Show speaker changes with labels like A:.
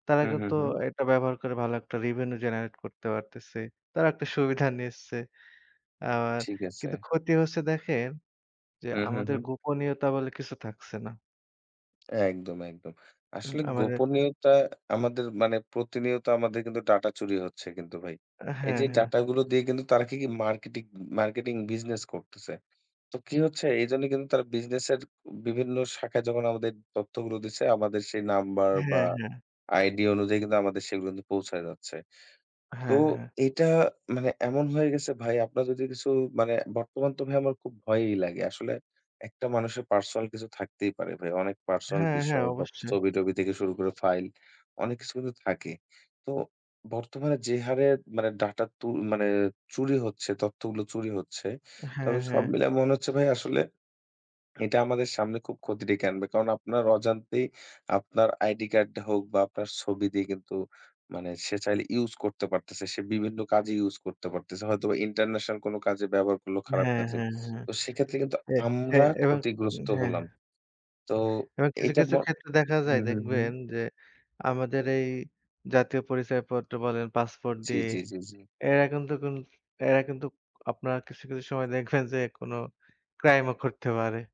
A: তারা
B: হ্যাঁ, হ্যাঁ,
A: কিন্তু
B: হ্যাঁ।
A: এটা ব্যবহার করে ভালো একটা revenue generate করতে পারতেছে তারা একটা সুবিধা নিচ্ছে আর
B: ঠিক আছে।
A: কিন্তু ক্ষতি হচ্ছে দেখেন যে,
B: হ্যাঁ, হ্যাঁ,
A: আমাদের
B: হ্যাঁ।
A: গোপনীয়তা বলে কিছু থাকছে না।
B: একদম, একদম
A: উম
B: আসলে
A: আমাদের।
B: গোপনীয়তা আমাদের মানে প্রতিনিয়ত আমাদের কিন্তু ডাটা চুরি হচ্ছে কিন্তু ভাই।
A: অ্যা
B: এই
A: হ্যাঁ,
B: যে,
A: হ্যাঁ।
B: ডাটা গুলো দিয়ে কিন্তু তারা কি, কি মার্কেটিক মার্কেটিং বিজনেস করতেছে? তো কি হচ্ছে এইজন্য কিন্তু তারা বিজনেসের বিভিন্ন শাখায় যখন আমাদের তথ্যগুলো দিছে আমাদের সেই নাম্বার বা
A: হ্যাঁ, হ্যাঁ।
B: আইডি অনুযায়ী আমাদের সেগুলো কিন্তু পৌঁছায় যাচ্ছে। তো
A: হ্যাঁ, হ্যাঁ।
B: এটা মানে এমন হয়ে গেছে ভাই আপনার যদি কিছু মানে বর্তমান তো ভাই আমার খুব ভয়ই লাগে। আসলে একটা মানুষের পার্সোনাল কিছু থাকতেই পারে ভাই। অনেক পার্সোনাল
A: হ্যাঁ, হ্যাঁ,
B: বিষয় বা
A: অবশ্যই।
B: ছবি-টবি থেকে শুরু করে ফাইল অনেক কিছু কিন্তু থাকে। তো বর্তমানে যে, হারে মানে ডাটা তু মানে চুরি হচ্ছে তথ্য গুলো চুরি হচ্ছে,
A: হ্যাঁ,
B: তবে সব
A: হ্যাঁ।
B: মিলায় মনে হচ্ছে ভাই আসলে এটা আমাদের সামনে খুব ক্ষতি ডেকে আনবে। কারণ আপনার অজান্তেই আপনার আইডি কার্ড হোক বা আপনার ছবি দিয়ে কিন্তু মানে সে চাইলে ইউস করতে পারতেছে। সে বিভিন্ন কাজে ইউস করতে পারতেছে। হয়তোবা ইন্টারন্যাশনাল কোনো কাজে ব্যবহার করলো খারাপ
A: হ্যাঁ,
B: কাজে
A: হ্যাঁ, হ্যাঁ,
B: তো সেক্ষেত্রে কিন্তু
A: এ, এ
B: আমরা
A: এবার উম
B: ক্ষতিগ্রস্ত
A: হ্যাঁ।
B: হলাম তো
A: এবং কিছু,
B: এইটা ম
A: কিছু ক্ষেত্রে দেখা যায়
B: উম হু, হু।
A: দেখবেন যে, আমাদের এই জাতীয় পরিচয়পত্র বলেন পাসপোর্ট
B: জি,
A: দিয়ে।
B: জি, জি, জি।
A: এরা কিন্তু কুন এরা কিন্তু আপনারা কিছু, কিছু সময় দেখবেন যে, এ কোন ক্রাইম ও করতে পারে।